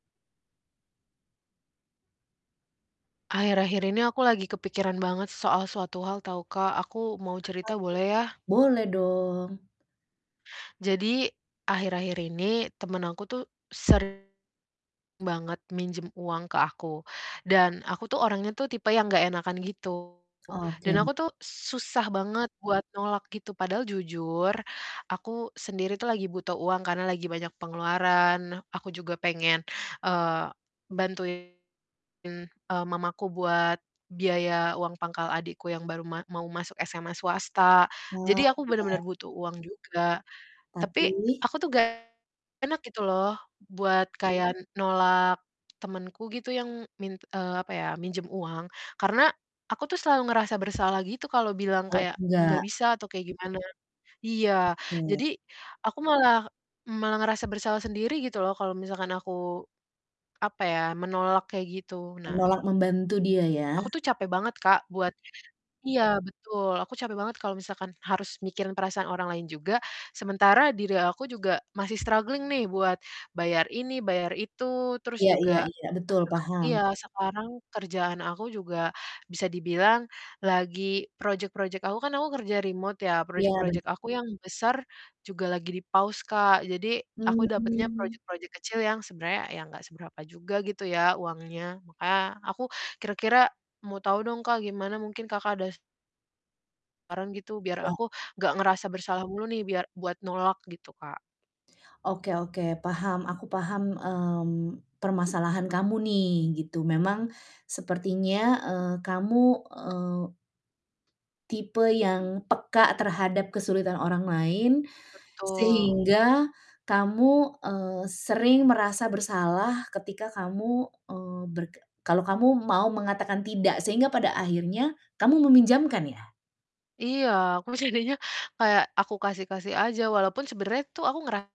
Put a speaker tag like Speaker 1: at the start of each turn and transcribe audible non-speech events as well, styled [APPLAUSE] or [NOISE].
Speaker 1: Akhir-akhir ini aku lagi kepikiran banget soal suatu hal tahu, Kak. Aku mau
Speaker 2: Apa
Speaker 1: cerita boleh ya?
Speaker 2: tuh? Boleh dong.
Speaker 1: Jadi akhir-akhir ini temen aku tuh sering banget minjem uang ke aku, dan aku tuh orangnya tuh tipe yang nggak enakan gitu, dan
Speaker 2: Oke.
Speaker 1: aku tuh susah banget buat nolak gitu. Padahal jujur, aku sendiri tuh lagi butuh uang karena lagi banyak pengeluaran. Nah, aku juga pengen, eee, bantuin, eee, mamaku buat biaya uang pangkal adikku yang baru ma mau masuk SMA swasta.
Speaker 2: Wah,
Speaker 1: Jadi aku benar-benar
Speaker 2: iya.
Speaker 1: butuh uang juga. Tapi
Speaker 2: Tapi?
Speaker 1: aku tuh nggak enak gitu loh buat kayak nolak temenku gitu yang min eee, apa ya, minjem uang. Karena aku tuh selalu ngerasa bersalah gitu kalau bilang
Speaker 2: Kalau
Speaker 1: kayak, "enggak
Speaker 2: enggak?
Speaker 1: bisa," atau kayak gimana. Iya,
Speaker 2: Oke.
Speaker 1: jadi aku malah malah ngerasa bersalah sendiri gitu loh kalau misalkan aku apa ya, menolak kayak gitu. Nah
Speaker 2: Menolak membantu dia ya?
Speaker 1: aku tuh capek banget, Kak, buat iya, betul, aku capek banget kalau misalkan harus mikirin perasaan orang lain juga, sementara diri aku juga masih struggling nih buat bayar ini, bayar itu, terus
Speaker 2: Iya iya
Speaker 1: juga
Speaker 2: iya, betul, paham.
Speaker 1: [UNINTELLIGIBLE] iya, sekarang kerjaan aku juga bisa dibilang lagi project-project aku kan aku kerja remote ya,
Speaker 2: Iya, bener.
Speaker 1: project-project aku yang besar juga lagi di-pause, Kak. Jadi aku dapatnya
Speaker 2: Mmm.
Speaker 1: project-project kecil yang sebenarnya ya enggak seberapa juga gitu ya uangnya. Makanya, aku kira-kira mau tahu dong, Kak, gimana, mungkin Kakak ada saran gitu biar
Speaker 2: Iya.
Speaker 1: aku gak ngerasa bersalah mulu nih biar buat nolak gitu, Kak.
Speaker 2: Oke oke, paham, aku paham, mmm, permasalahan kamu nih gitu. Memang sepertinya, eee, kamu, eee tipe yang peka terhadap kesulitan orang lain
Speaker 1: Betul.
Speaker 2: sehingga kamu, eee, sering merasa bersalah ketika kamu, eee, berke kalau kamu mau mengatakan "tidak" sehingga pada akhirnya kamu meminjamkan ya?
Speaker 1: Iya, aku bercandanya kayak aku kasih-kasih aja, walaupun sebenarnya tuh aku ngera